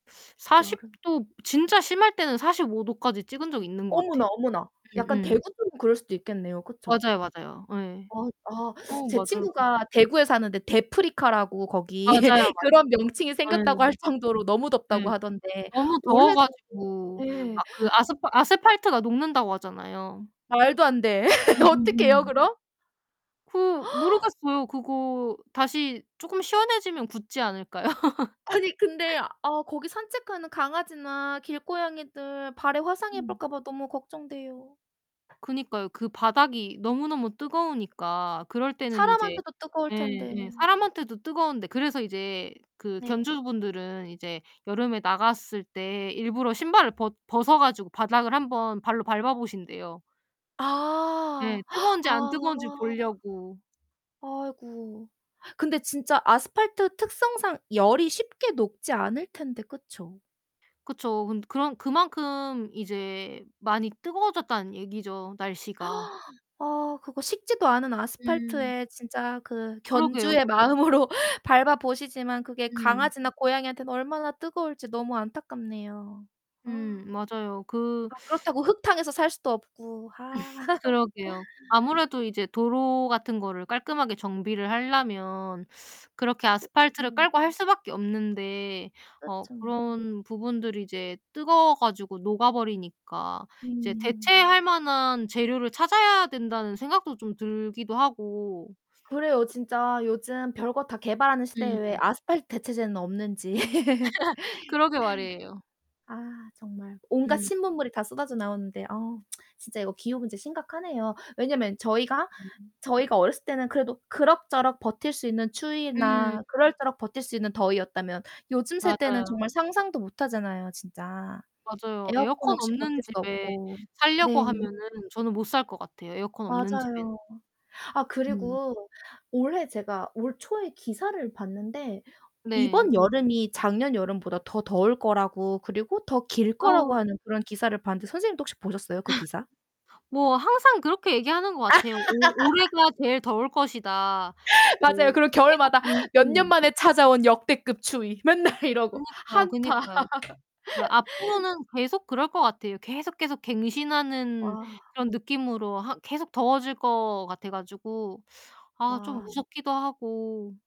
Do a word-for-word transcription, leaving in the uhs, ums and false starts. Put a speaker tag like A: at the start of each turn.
A: 사십
B: 여름.
A: 도, 진짜 심할 때는 사십오 도까지 찍은 적이 있는 것 같아요.
B: 어머나, 어머나. 약간
A: 음음.
B: 대구 쪽은 그럴 수도 있겠네요, 그쵸?
A: 맞아요, 맞아요. 예.
B: 아. 아
A: 어
B: 제
A: 맞아요.
B: 친구가 대구에 사는데 "대프리카라고, 거기.
A: 맞아요,
B: 그런 명칭이
A: 맞아요. 예.
B: 생겼다고 할 정도로 너무 덥다."고
A: 네.
B: 하던데
A: "너무 더워
B: 올해도
A: 가지고
B: 네.
A: 막 그 아스파 아스팔트가 녹는다."고 하잖아요.
B: 말도 안돼. 어떻게 해요,
A: 음음음.
B: 그럼?
A: 그 모르겠어요. 그거 다시 쪼끔 시원해지면 굳지 않을까요?
B: 아니 근데 아 거기 산책하는 강아지나 길고양이들 발에 화상
A: 음.
B: 입을까봐 너무 걱정돼요.
A: 그니까요. 그 바닥이 너무너무 뜨거우니까 그럴 때는 이제
B: 사람한테도 뜨거울 텐데.
A: 예예. 사람한테도 뜨거운데 그래서 이제 그
B: 네.
A: 견주분들은 이제 여름에 나갔을 때 일부러 신발을 벗 벗어 가지고 바닥을 한번 발로 밟아 보신대요. 네.
B: 아.
A: 뜨거운지 안
B: 아.
A: 뜨거운지 보려고.
B: 아이구. 근데 진짜 아스팔트 특성상 열이 쉽게 녹지 않을 텐데, 그쵸?
A: 그쵸. 근 그런 그만큼 이제 많이 뜨거워졌다는 얘기죠, 날씨가.
B: 아 그거 식지도 않은
A: 음.
B: 아스팔트에 진짜 그
A: 그러게요.
B: 견주의
A: 그
B: 마음으로 밟아 보시지만 그게
A: 음.
B: 강아지나 고양이한테는 얼마나 뜨거울지 너무 안타깝네요. 아.
A: 음 맞아요. 그
B: 아 그렇다고 흙탕에서 살 수도 없고. 아.
A: 그러게요. 아무래도 이제 도로 같은 거를 깔끔하게 정비를 할려면 그렇게 아스팔트를
B: 그렇죠.
A: 깔고 할 수밖에 없는데 어
B: 그렇죠.
A: 그런 부분들이 이제 뜨거워 가지고 녹아 버리니까 이제
B: 음.
A: '대체할 만한 재료를 찾아야 된다.'는 생각도 좀 들기도 하고
B: 그래요. 진짜 요즘 별거 다 개발하는 시대에 왜
A: 음.
B: 아스팔트 대체제는 없는지.
A: 그러게 말이에요.
B: 아 정말 온갖
A: 음.
B: 신문물이 다 쏟아져 나오는데. 아 진짜 이거 기후 문제 심각하네요. 왜냐면 저희가
A: 음.
B: 저희가 어렸을 때는 그래도 그럭저럭 버틸 수 있는
A: 음.
B: 추위나 그럴저럭 버틸 수 있는 더위였다면 요즘 세대는
A: 맞아요.
B: 정말 상상도 못하잖아요, 진짜.에어컨
A: 맞아요. 에어컨
B: 없이
A: 없는
B: 버틸 수
A: 집에
B: 없고.
A: 살려고
B: 네.
A: 하면은 저는 못 살 것 같아요, 에어컨 없는 집엔.
B: 맞아요. 아
A: 음.
B: 그리고 올해 제가 올 초에 기사를 봤는데
A: 네.
B: 이번 여름이 작년 여름보다 더 더울 거라고 그리고 더 길 거라고
A: 어우.
B: 하는 그런 기사를 봤는데 선생님도 혹시 보셨어요, 그 기사?
A: 뭐 항상 그렇게 얘기하는 것 같아요. 오 "올해가 제일 더울 것이다."
B: 맞아요.
A: 뭐
B: 그리고
A: 계속
B: 겨울마다 몇 년
A: 음음.
B: 만에 찾아온 역대급 추위 맨날 이러고
A: 그니까요,
B: 한파
A: 그니까요. 앞으로는 계속 그럴 것 같아요. 계속, 계속 갱신하는
B: 아.
A: 그런 느낌으로 하 계속 더워질 것 같아 가지고 아 좀
B: 아.
A: 무섭기도 하고